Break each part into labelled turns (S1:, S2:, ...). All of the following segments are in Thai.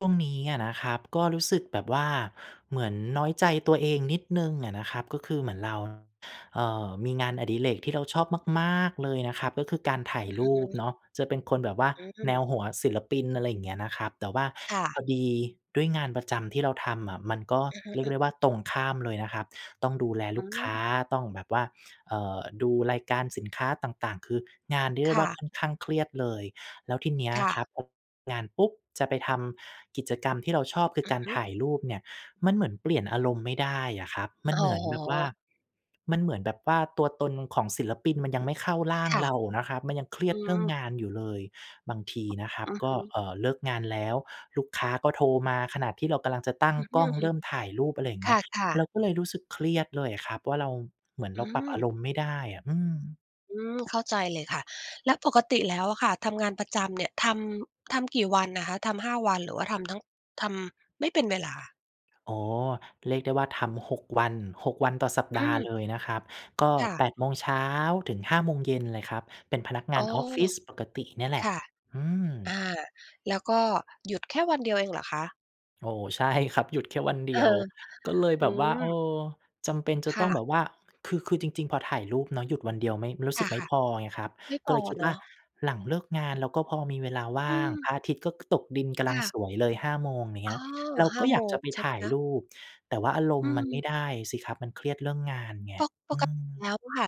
S1: ช่วงนี้อะนะครับ ก็รู้สึกแบบว่าเหมือนน้อยใจตัวเองนิดหนึ่งอะนะครับ ก็คือเหมือนเรา เอ่อ มีงานอดิเรกที่เราชอบมาก ๆ เลยนะครับ ก็คือการถ่า
S2: อ
S1: ย
S2: ือ
S1: ร
S2: ฮ
S1: ูป
S2: ึ
S1: เนาะ จะเป็นคนแบบว่า
S2: อื
S1: แน
S2: ม
S1: วหัวศิลปิน อะไรอย่างเงี้ยนะครับ แต่ว่า
S2: ค่
S1: พ
S2: ะ
S1: อดีด้วยงานประจำที่เราทำอะ มันก็
S2: อือฮึ
S1: เรี
S2: อ
S1: ยก
S2: ะ
S1: ได้ว่า ตรงข้ามเลยนะครับ ต้องดูแล
S2: อ
S1: ล
S2: ื
S1: ูกค้
S2: ม
S1: า ต้องแบบว่า เอ่อ ดูรายการสินค้าต่าง ๆ คืองานเรียก
S2: ค
S1: ได้
S2: ่
S1: ว่า
S2: ะ
S1: ค่อนข้างเครียดเลย แล้วทีเนี้ย
S2: ค่
S1: ครั
S2: ะ
S1: บ พอเลิกงานปุ๊บ! จะไปทำกิจกรรมที่เราชอบคื
S2: อ
S1: อ
S2: ื
S1: ก
S2: อ
S1: าร
S2: ฮึ
S1: ถ่ายรูปเนี่ย มันเหมือนเปลี่ยนอารมณ์ไม่ได้อะครับ มั
S2: อ
S1: น
S2: ๋
S1: เหม
S2: อ
S1: ือนแบบว่า มันเหมือนแบบว่าตัวตนของศิลปินมันยังไม่เข้าร่าง
S2: ค่ะ
S1: เรานะครับ มันยังเครี
S2: อื
S1: ยดเรื่อง
S2: ม
S1: งานอยู่เลย บางทีนะครั
S2: อ
S1: บ
S2: ือ
S1: ก
S2: ฮ
S1: ็
S2: ึ
S1: เอ่อ เลิกงานแล้ว ลูกค้าก็โทรมาขณะที่เรากำลังจะตั้
S2: อ
S1: ง
S2: ือ
S1: กล้อง
S2: ฮ
S1: เ
S2: ึ
S1: ริ่มถ่ายรูป อะไรอย่าง
S2: ๆ ค
S1: เงี้ย
S2: ่ะ
S1: เรา
S2: ๆ
S1: ก็เลยรู้สึกเครียดเลยอะครับว่าเรา เหมือน
S2: อ
S1: เ
S2: ื
S1: ราปรับอา
S2: ม
S1: รมณ์ไม่ได้อะ อืม
S2: อืม เข้าใจเลยค่ะ แล้วปกติแล้วอะค่ะ ทำงานประจำเนี่ย ทำ ทำกี่วันอะคะ? ทำ 5 วัน หรือว่าทำทั้ง ทำไม่เป็นเวลา
S1: อ๋อ เรียกได้ว่าทำ 6 วัน 6 วันต่อสัป
S2: อื
S1: ดาห์
S2: ม
S1: เลยนะครับ ก็
S2: ค่
S1: แป
S2: ะ
S1: ดโมงเช้า ถึง 17:00 เลยครับ เป็นพนักงา
S2: อ๋
S1: น
S2: อ
S1: ออฟฟิศปกติเนี่ยแหล
S2: ค
S1: ะ
S2: ่ะ
S1: อื
S2: อ
S1: ม
S2: า แล้วก็หยุดแค่วันเดียวเองเหรอคะ?
S1: โอ้โฮ ใช่ ครับ หยุดแค่วันเด
S2: เอ
S1: ี
S2: อ
S1: ยว ก็เลย
S2: อ
S1: แ
S2: ื
S1: บบว่า เอ่อ
S2: ม
S1: จำเป็นจะ
S2: ค
S1: ต
S2: ่
S1: ้อง
S2: ะ
S1: แบบว่า คือ คือจริง ๆ พอถ่ายรูปเนาะ หยุดวันเดียวไม่ รู้
S2: ค
S1: สึกไม่
S2: ่ะ
S1: พอไงครับ
S2: ๆ ไม่
S1: ก
S2: พ
S1: ็เ
S2: อ
S1: ลยคิด
S2: เน
S1: ว่
S2: า
S1: า
S2: ะ
S1: หลังเลิกงานเรา ก็พอมีเวลาว
S2: อื
S1: ่าง พ
S2: ม
S1: ระอาทิตย์ก็ ก ตกดินกำ
S2: ค
S1: ลัง
S2: ่
S1: ส
S2: ะ
S1: วยเลย 5 โมงอย่าง
S2: อ
S1: เ
S2: ๋
S1: งี
S2: อ
S1: ้ย เรา
S2: ห้
S1: ก็
S2: า
S1: อย
S2: โม
S1: ากจะ
S2: ง
S1: ไป
S2: ใช่ไ
S1: ถ
S2: หม
S1: ่าย
S2: คะ?
S1: รูป แต่ว่าอาร
S2: อ
S1: ม
S2: ื
S1: ณ์มันไ
S2: ม
S1: ม่ได้สิครับ มันเครียดเรื่องงานไง
S2: ปก ป
S1: อื
S2: กติ
S1: ม
S2: แล้วค่ะ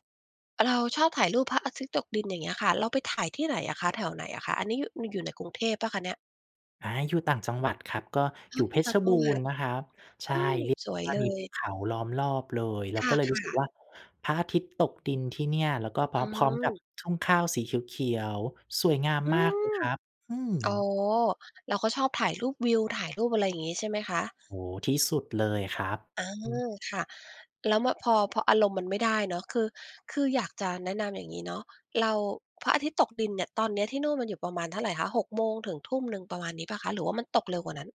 S2: เราชอบถ่ายรูปพระอาทิตย์ตกดิน อย่างเงี้ยค่ะ เราไปถ่ายที่ไหนอะคะ? แถวไหนอะคะ? อันนี้อยู่ อยู่ในกรุงเทพเปล่าคะเนี่ย?
S1: อา อยู่ต่างจังหวัดครับ ก็
S2: อ๋
S1: อ
S2: อ
S1: ยู่
S2: อย
S1: เ
S2: ู
S1: พ
S2: ่ต่
S1: ช
S2: าง
S1: ร
S2: จั
S1: บู
S2: งหวั
S1: รณ
S2: ด
S1: ์นะครับ ใช
S2: อื
S1: ่
S2: ม
S1: เรียก
S2: ส
S1: ได้
S2: วย
S1: ว่
S2: เ
S1: า
S2: ล
S1: มีภ
S2: ย
S1: ูเขาล้อมรอบเลย เรา
S2: ค
S1: ก
S2: ่
S1: ็เลยรู้สึก
S2: ะ ๆ
S1: ว่า พระอาทิตย์ตกดินที่เนี่ย แล้วก็พ
S2: อ
S1: ร
S2: ื
S1: ้อม พร้อมกับ
S2: ม
S1: ทุ่งข้าวสีเขียว ๆ สวยงาม
S2: อื
S1: มากเลย
S2: ม
S1: ครับ อืม
S2: อ๋อ เราก็ชอบถ่ายรูปวิว ถ่ายรูป อะไรอย่างงี้ ใช่ไหมคะ?
S1: โอ้โฮ ที่สุดเลยอะครับ
S2: อา
S1: อืม
S2: ค่ะ แล้ว ม พอ พออารมณ์มันไม่ได้เนาะ คือ คืออยากจะแนะนำ อย่างงี้เนาะ เรา พระอาทิตย์ตกดินเนี่ย ตอนเนี้ยที่นู่นมันอยู่ประมาณเท่าไรคะ? 6 โมงถึง 19:00 ประมาณนี้เปล่าคะ หรือว่ามันตกเร็วกว่านั้น?